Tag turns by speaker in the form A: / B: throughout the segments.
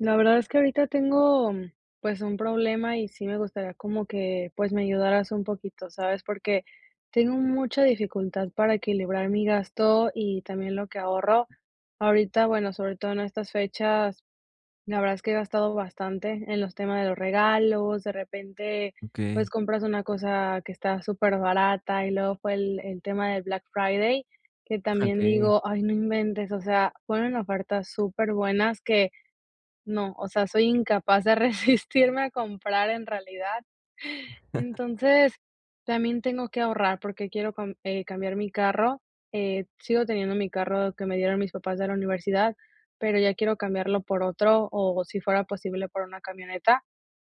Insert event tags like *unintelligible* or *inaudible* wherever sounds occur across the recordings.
A: La verdad es que ahorita tengo mm, pues, un problema y sí me gustaría como que, pues, me ayudaras un poquito, ¿sabes?, porque tengo mucha dificultad para equilibrar mi gasto y también lo que ahorro. Ahorita, bueno, sobre todo en estas fechas, la verdad es que he gastado bastante en los temas de los regalos, de repente, pues,
B: Okey.
A: compras una cosa que está superbarata y luego fue el el tema de Black Friday, que también
B: Okey.
A: digo: "Ay, no inventes", o sea, ponen ofertas superbuenas que no o sea, soy incapaz de resistirme a comprar en realidad.
B: *chuckles*
A: Entonces, también tengo que ahorrar porque quiero com eh cambiar mi carro. Eh, sigo teniendo mi carro que me dieron mis papás de la universidad, pero ya quiero cambiarlo por otro o si fuera posible, por una camioneta.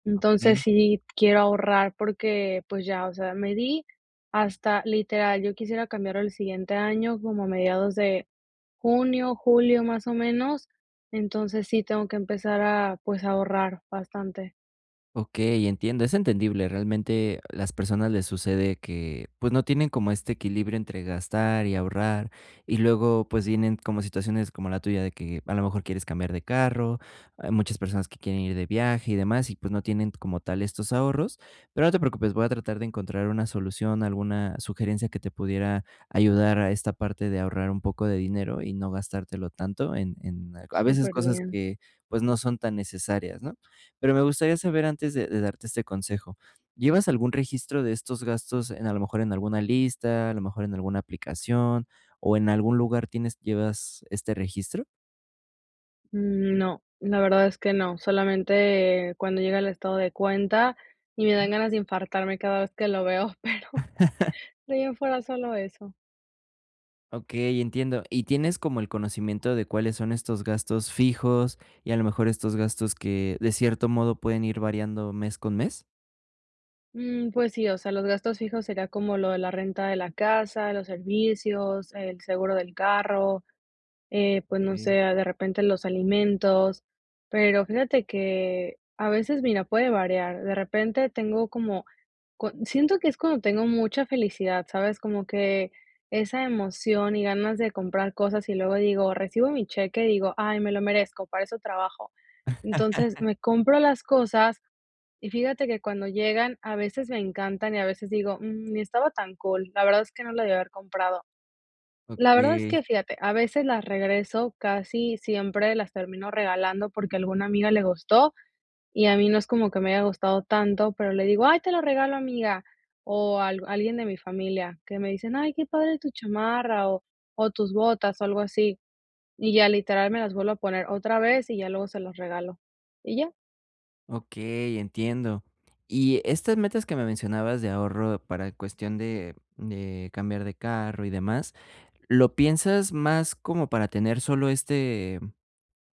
A: Entonces,
B: Okey.
A: sí quiero ahorrar porque, pues ya, o sea, me di hasta literal yo quisiera cambiarlo el siguiente año como a mediados de junio, julio, más o menos, entonces sí tengo que empezar a, pues, ahorrar bastante.
B: Okey, entiendo, es entendible. Realmente, las personas les sucede que, pues, no tienen como este equilibrio entre gastar y ahorrar, y luego, pues vienen como situaciones como la tuya de que, a lo mejor, quieres cambiar de carro, ah, muchas personas que quieren ir de viaje y demás y, pues, no tienen como tal estos ahorros, pero no te preocupes, voy a tratar de encontrar una solución, alguna sugerencia que te pudiera ayudar a esta parte de ahorrar un poco de dinero y no gastártelo tanto en en a veces cosas
A: Superbién.
B: que, pues, no son tan necesarias, ¿no? Pero me gustaría saber antes de de darte este consejo, ¿llevas algún registro de estos gastos en, a lo mejor, en alguna lista, a lo mejor en alguna aplicación o en algún lugar tienes llevas este registro?
A: Mm, no, la verdad es que no, solamente cuando llega el estado de cuenta y me
B: Mm.
A: dan ganas de infartarme cada vez que lo veo, pero
B: *laughs*
A: de ahí en fuera en fuera solo eso.
B: Okey, entiendo, ¿y tienes como el conocimiento de cuáles son estos gastos fijos y, a lo mejor, estos gastos que, de cierto modo, pueden ir variando mes con mes?
A: Mm, pues sí, o sea, los gastos fijos sería como lo de la renta de la casa, los servicios, el seguro del carro, eh, pues no
B: Okey.
A: sé, ah, de repente los alimentos, pero fíjate que a veces, mira, puede variar, de repente tengo como co siento que es cuando tengo mucha felicidad, ¿sabes? Como que esa emoción y ganas de comprar cosas y luego digo recibo mi cheque y digo: "Ay me lo merezco, para eso trabajo". Entonces
B: *laughs*
A: me compro las cosas y fíjate que cuando llegan, a veces me encantan, y a veces digo: "Mm, ni estaba tan cool, la verdad es que no la debí haber comprado. La verdad es
B: Okey.
A: que fíjate, a veces las regreso casi siempre las termino regalando porque a alguna amiga le gustó y a mí no es como que me haya gustado tanto, pero le digo: "Ay, te lo regalo, amiga". O alg alguien de mi familia que me dicen: "Ay, qué padre tu chamarra". O o tus botas, o algo así. Y ya, literal, me las vuelvo a poner otra vez y ya luego se los regalo, y ya.
B: Okey, entiendo. Y estas metas que me mencionabas de ahorro para cuestión de de cambiar de carro y demás, ¿lo piensas más como para tener solo este,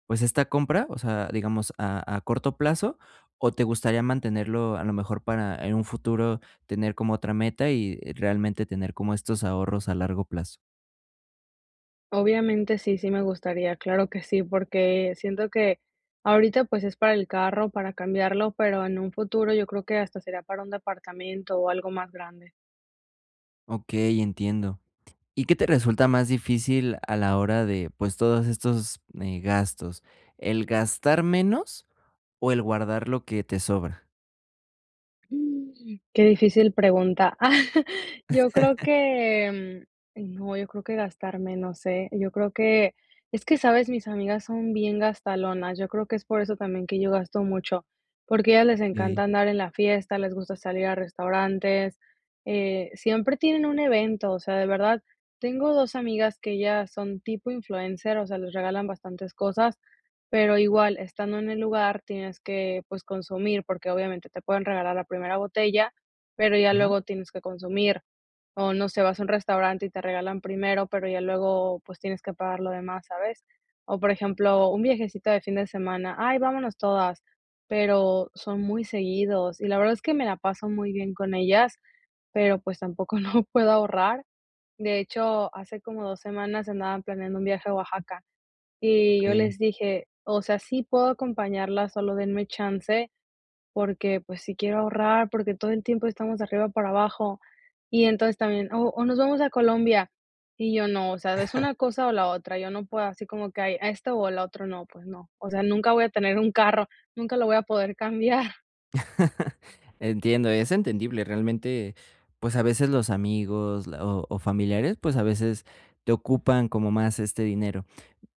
B: pues esta compra, o sea, digamos, a a corto plazo, o te gustaría mantenerlo, a lo mejor, para en un futuro tener como otra meta y realmente tener como estos ahorros a largo plazo?
A: Obviamente sí, sí me gustaría, claro que sí, porque siento que ahorita, pues, es para el carro, para cambiarlo, pero en un futuro yo creo que hasta sería para un departamento o algo más grande.
B: Okey, entiendo. ¿Y qué te resulta más difícil a la hora de pues, todos estos, eh, gastos? ¿El gastar menos o el guardar lo que te sobra?
A: Uh, qué difícil pregunta. *chuckles* Yo creo
B: *laughs*
A: que mm eh no, yo creo que gastar menos éh. Yo creo que es que, ¿sabes?, mis amigas son bien gastalonas, yo creo que es por eso también que yo gasto mucho, porque a ellas les encanta
B: Okey.
A: andar en la fiesta, les gusta salir a restaurantes, eh, siempre tienen un evento, o sea, de verdad tengo 2 amigas que ellas son tipo influencer, o sea, les regalan bastantes cosas, pero igual estando en el lugar tienes que, pues, consumir, porque obviamente te pueden regalar la primera botella, pero ya
B: Ajá.
A: luego tienes que consumir. O no sé, vas a un restaurante y te regalan primero, pero ya luego, pues, tienes que pagar lo demás, ¿sabes? O, por ejemplo, un viajecito de fin de semana, ay, vámonos todas, pero son muy seguidos y la verdad es que me la paso muy bien con ellas, pero, pues, tampoco no puedo ahorrar. De hecho, hace como 2 semanas andaban planeando un viaje a Oaxaca y yo
B: Okey.
A: les dije, o sea, sí puedo acompañarlas, solo denme chance, porque, pues, sí quiero ahorrar, porque todo el tiempo estamos de arriba para abajo, y entonces también, o o nos vamos a Colombia, y yo no, o sea, es
B: *chuckles*
A: una cosa o la otra, yo no puedo así como que hay esto o lo otro no, pues no, o sea, nunca voy a tener un carro, nunca lo voy a poder *chuckles* cambiar.
B: *laughs* Entiendo, es entendible. Realmente, pues, a veces los amigos la o o familiares, pues, a veces te ocupan como más este dinero.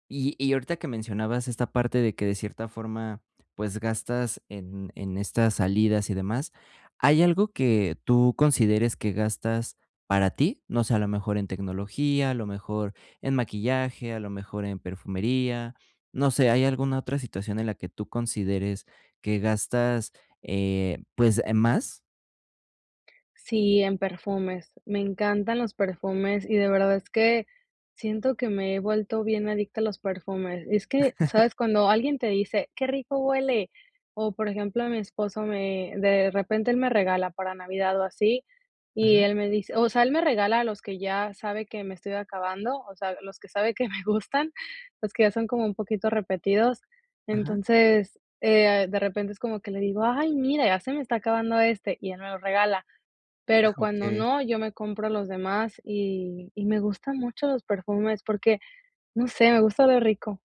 B: Y y ahorita que mencionabas esta parte de que, de cierta forma, pues gastas en en estas salidas y demás, ¿hay algo que tú consideres que gastas para ti? No sé, a lo mejor en tecnología, a lo mejor en maquillaje, a lo mejor en perfumería, no sé, ¿hay alguna otra situación en la que tú consideres que gastas, eh, pues, eh, más?
A: Sí, en perfumes, me encantan los perfumes, y de verdad, es que siento, que me he vuelto bien adicta a los perfumes, es que, ¿sabes?,
B: *laughs*
A: cuando alguien te dice: "qué rico huele", o por ejemplo, mi esposo me de repente él me regala para Navidad, o así y
B: Ajá.
A: él me dice, o sea, él me regala, los que ya sabe que me estoy acabando, o sea, los que sabe que me gustan, los que ya son como un poquito repetidos,
B: Ajá.
A: entonces, eh, de repente es como que le digo: "ay, mira, ya se me está acabando, este", y él me lo regala, pero,
B: Ah,
A: cuando
B: okey.
A: no, yo me compro los demás, y y me gustan mucho los perfumes, porque, no sé, me gusta oler rico.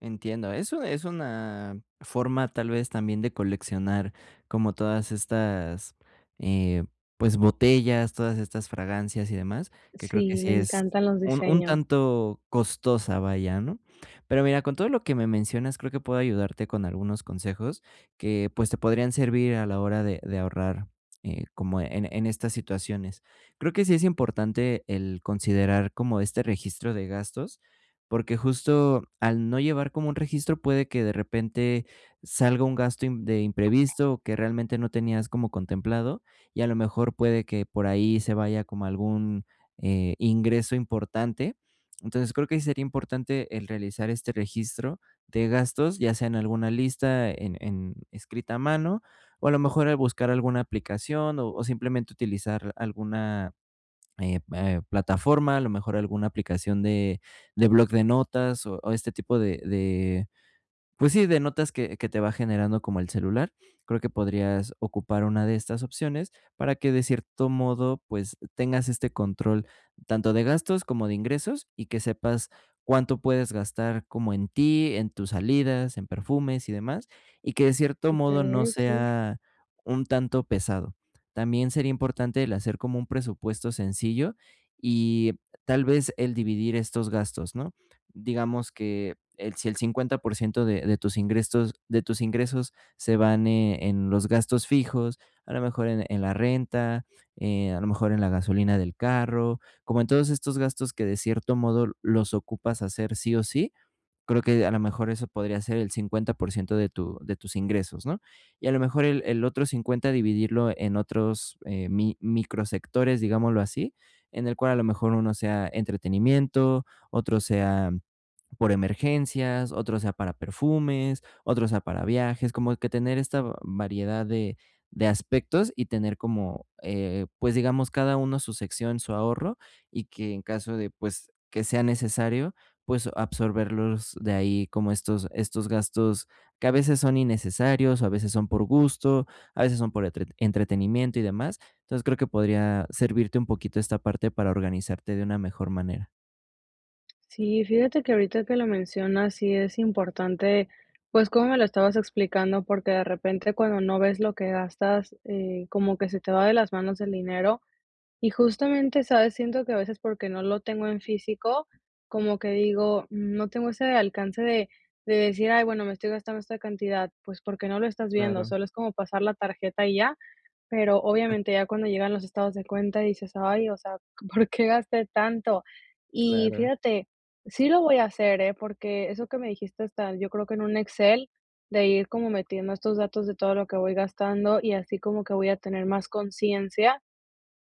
B: Entiendo, eso es una forma, tal vez, también de coleccionar, como todas estas, eh, pues, botellas, todas estas fragancias y demás, que creo, que
A: Sí, me
B: sí es,
A: encantan los
B: un un
A: diseños.
B: tanto costosa, vaya, ¿no?, pero, mira, con todo lo que me mencionas, creo que puedo ayudarte con algunos consejos que, pues, te podrían servir a la hora de de ahorrar, eh, como en en estas situaciones, creo que sí es importante, el considerar como este registro de gastos, porque, justo al no llevar como un registro, puede que, de repente, salga un, gasto de imprevisto que realmente no tenías como contemplado y, a lo mejor, puede que por ahí se vaya, como, algún, eh, ingreso importante, entonces, creo que, sí sería importante el realizar este registro de gastos, ya sea en alguna lista, en en escrita a mano o, a lo mejor, al buscar alguna aplicación, o o simplemente utilizar alguna, eh eh, plataforma, a lo mejor alguna aplicación, de de blog de notas o o este tipo de de, pues sí, de notas, que que te va generando como el celular, creo que podrías ocupar una de estas opciones para que de cierto modo, pues, tengas este control, tanto de gastos, como de ingresos, y que sepas, cuánto puedes gastar como en ti, en tus salidas, en perfumes y demás, y que, de cierto
A: Super
B: modo, no
A: bien, sí.
B: sea un tanto pesado, también sería importante, el hacer como un presupuesto sencillo, y tal vez, el dividir estos gastos, ¿no?, digamos, que el si el 50% de de tus ingrestos de tus ingresos se van e en los gastos fijos, eh, a lo mejor en en la renta, eh, a lo mejor en la gasolina del carro, como en todos estos gastos que, de cierto modo, los ocupas hacer sí o sí, creo que, a lo mejor, eso podría ser el 50% de tu de tus ingresos, ¿no?, y, a lo mejor, el el otro 50 dividirlo en otros, eh, mi micro sectores, digámoslo así, en el cual, a lo mejor, uno sea entretenimiento, otro sea, por emergencias, otro sea, para perfumes, otro sea para viajes, como que tener, esta variedad de de aspectos, y tener como, eh, pues, digamos, cada uno su sección, su ahorro, y que en caso de, pues, que sea necesario, pues, absorberlos de ahí, como estos estos gastos que a veces son innecesarios, o a veces son por gusto, a veces son por entre entretenimiento, y demás, entonces, creo que podría servirte un poquito, esta parte para organizarte de una mejor manera.
A: Sí, fíjate que ahorita que lo mencionas sí es importante, pues, cómo me lo estabas explicando, porque de repente cuando no ves lo que gastas, eh, como que se te va de las manos el dinero, y justamente, ¿sabes?, siento que a veces porque no lo tengo en físico como que digo, no tengo ese alcance de de decir, ay, bueno me estoy gastando esta cantidad, pues, porque no lo estás viendo
B: Claro.
A: solo es como pasar la tarjeta y ya, pero
B: *unintelligible*
A: obviamente ya cuando llegan los estados de cuenta dices, ay, o sea, ¿por qué gasté tanto?, y
B: Claro.
A: fíjate, sí lo voy a hacer, eh, porque eso que me dijiste tal, yo creo que en un Excel, de ir como metiendo estos datos de todo lo que voy gastando y así como que voy a tener consciencia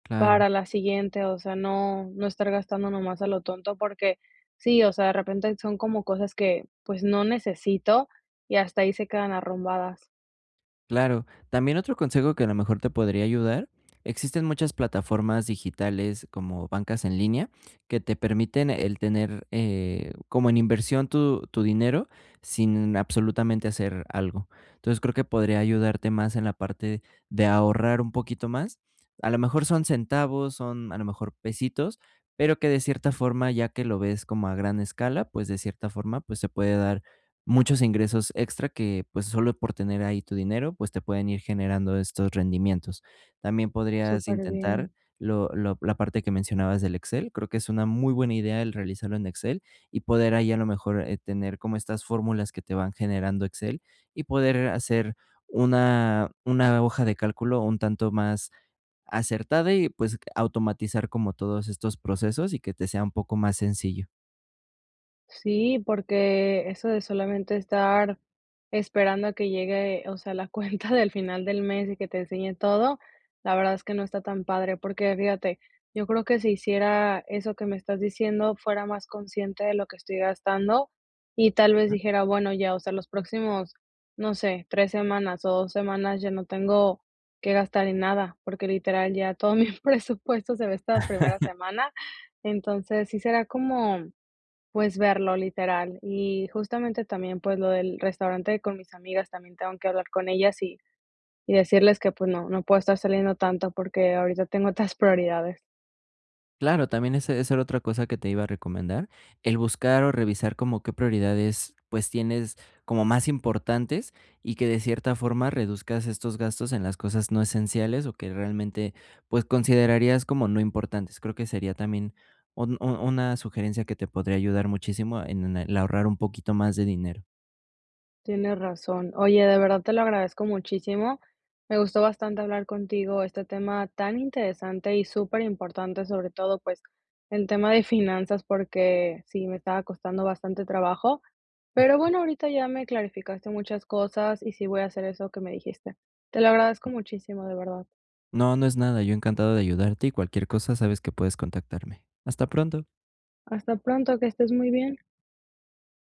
B: Claro.
A: para la siguiente, o sea, no no estar gastando nomás a lo tonto porque sí, o sea, de repente son como cosas que, pues, no necesito y hasta ahí se quedan arrumbadas.
B: Claro, también otro consejo que a lo mejor te podría ayudar, existen muchas plataformas digitales como bancas en línea, que te permiten el tener, eh, como en inversión tu tu dinero sin absolutamente hacer algo, entonces, creo que podría ayudarte más en la parte de ahorrar un poquito más, a lo mejor son centavos, son a lo mejor, pesitos, pero que de cierta forma, ya que lo ves como a gran escala, pues, de cierta forma, pues, se puede dar muchos ingresos extra que, pues, solo por tener ahí tu dinero, pues, te pueden ir generando estos rendimientos, también podrías
A: Súper
B: intentar
A: bien.
B: lo lo la parte que mencionabas del Excel, creo que es una muy buena idea el realizarlo en Excel y poder ahí, a lo mejor, eh, tener como estas fórmulas que te van generando Excel y poder hacer una una hoja de cálculo un tanto más acertada y, pues, automatizar como todos estos procesos y que te sea un poco más sencillo.
A: Sí, porque eso de solamente estar esperando a que llegue, o sea, la cuenta del final del mes y que te enseñe todo, la verdad es que no está tan padre. Porque fíjate, yo creo que si hiciera eso que me estás diciendo, fuera más consciente de lo que estoy gastando y tal vez
B: Ah.
A: dijera: "Bueno ya". O sea, los próximos, no sé, 3 semanas o 2 semanas ya no tengo que gastar en nada, porque literal ya todo mi presupuesto se va esta primera
B: *laughs*
A: semana. Entonces, sí será como, pues, verlo literal y justamente también, pues, lo del restaurante con mis amigas también tengo que hablar con ellas y y decirles que, pues, no no puedo estar saliendo tanto porque ahorita tengo otras *chuckles* prioridades.
B: Claro, también esa esa era otra cosa que te iba a recomendar. El buscar o revisar como qué prioridades, pues, tienes como más importantes y que, de cierta forma, reduzcas estos gastos en las cosas no esenciales o que realmente, pues, considerarías como no importantes. Creo que sería también un u una sugerencia que te podría ayudar muchísimo en el ahorrar un poquito más de dinero.
A: Tienes razón. Oye, de verdad te lo agradezco muchísimo. Me gustó bastante hablar contigo este tema tan interesante y superimportante, sobre todo, pues, el tema de finanzas porque sí me estaba costando bastante trabajo. Pero bueno, ahorita ya me clarificaste muchas cosas y sí voy a hacer eso que me dijiste. Te lo agradezco
B: Mm.
A: muchísimo de verdad.
B: No, no es nada, yo encantado de ayudarte. Y cualquier cosa, sabes que puedes contactarme. Hasta pronto.
A: Hasta pronto, que estés muy bien.